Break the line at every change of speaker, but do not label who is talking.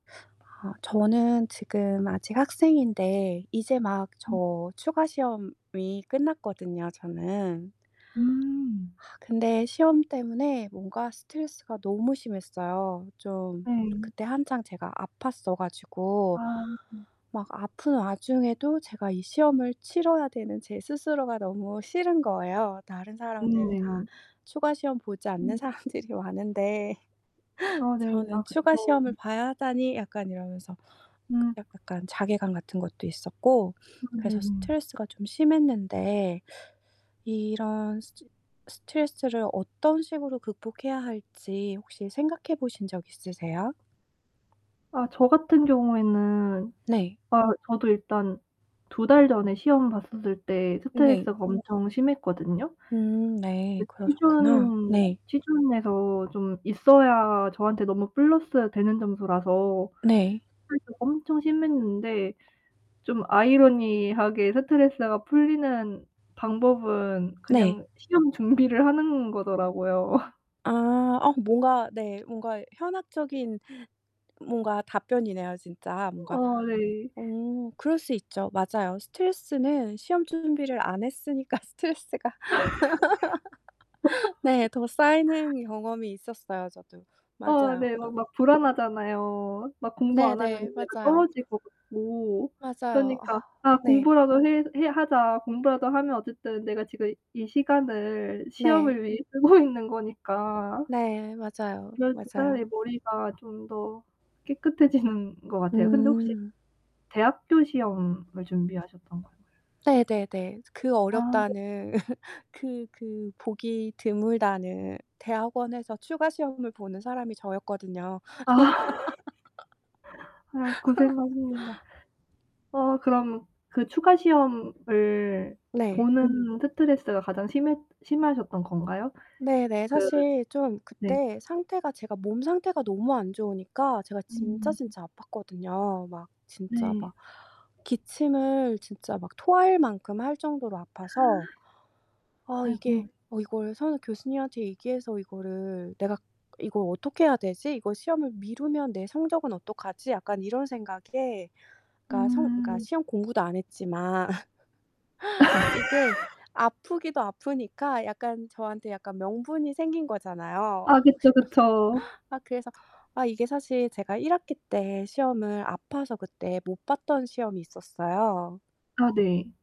아 저는 지금 아직 학생인데 이제 막
음.
저 추가 시험이 끝났거든요 저는.
음.
근데 시험 때문에 뭔가 스트레스가 너무 심했어요. 좀
네.
그때 한창 제가 아팠어 가지고
아.
막 아픈 와중에도 제가 이 시험을 치뤄야 되는 제 스스로가 너무 싫은 거예요. 다른
음
사람들은 다
네.
추가시험 보지 않는
음.
사람들이 많은데
아 네.
저는
아
'추가
그쵸.
시험을 봐야 하다니.' 약간 이러면서 그
음.
약간 자괴감 같은 것도 있었고
아
그래서
네네.
스트레스가 좀 심했는데 이런 스트 스트레스를 어떤 식으로 극복해야 할지 혹시 생각해 보신 적 있으세요?
아. 저 같은 경우에는
네.
아 저도 일단 2 달 전에 시험 봤었을 때
네.
스트레스가 엄청 심했거든요.
음 네.
그
그러셨구나.
취준
네.
취준에서 좀 있어야 저한테 너무 플러스 되는 점수라서
네.
스트레스가 엄청 심했는데 좀 아이러니하게 스트레스가 풀리는 방법은
네.
그냥 시험 준비를 하는 거더라고요.
아. 어 뭔가 네. 뭔가 현학적인 뭔가 답변이네요 진짜 뭔가.
어 네.
어 그럴 수 있죠. 맞아요. 스트레스는 시험 준비를 안 했으니까 스트레스가 네 더 쌓이는 경험이 있었어요 저도.
아
맞아요.
네.
어.
막 막 불안하잖아요. 막 공부 안 하면
네네.
내가
맞아요.
떨어질 것 같고
맞아요.
그니까 '아
네.
공부라도 해 해 하자. 공부라도 하면 어쨌든 내가 지금 이 시간을
네.
시험을 위해 쓰고 있는 거니까.'
네. 맞아요.
그래서 차라리
맞아요.
머리가 좀 더 깨끗해지는 것 같아요. 근데 혹시
음.
대학교 시험을 준비하셨던 건
네네네. 그
아.
어렵다는 그 그 보기 드물다는 대학원에서 추가 시험을 보는 사람이 저였거든요.
아. 아 고생하십니다. 어 그럼 그 추가 시험을
네.
보는 스트레스가 가장 심했 심하셨던 건가요?
네네.
그
사실 좀
네.
그때 상태가 제가 몸 상태가 너무 안 좋으니까 제가 진짜
음.
진짜 아팠거든요. 막 진짜
네.
막 기침을 진짜 막 토할 만큼 할 정도로 아파서 '어 이게
아이고.
어 이걸 선 교수님한테 얘기해서 이거를 내가 이걸 어떻게 해야 되지? 이걸 시험을 미루면 내 성적은 어떡하지?' 약간 이런 생각에 그러니까 성 그러니까
음.
시험 공부도 안 했지만 이게 아프기도 아프니까 약간 저한테 약간 명분이 생긴 거잖아요.
아 그쵸, 그쵸.
아 그래서 아 이게 사실 제가 1 학기 때 시험을 아파서 그때 못 봤던 시험이 있었어요.
아 네.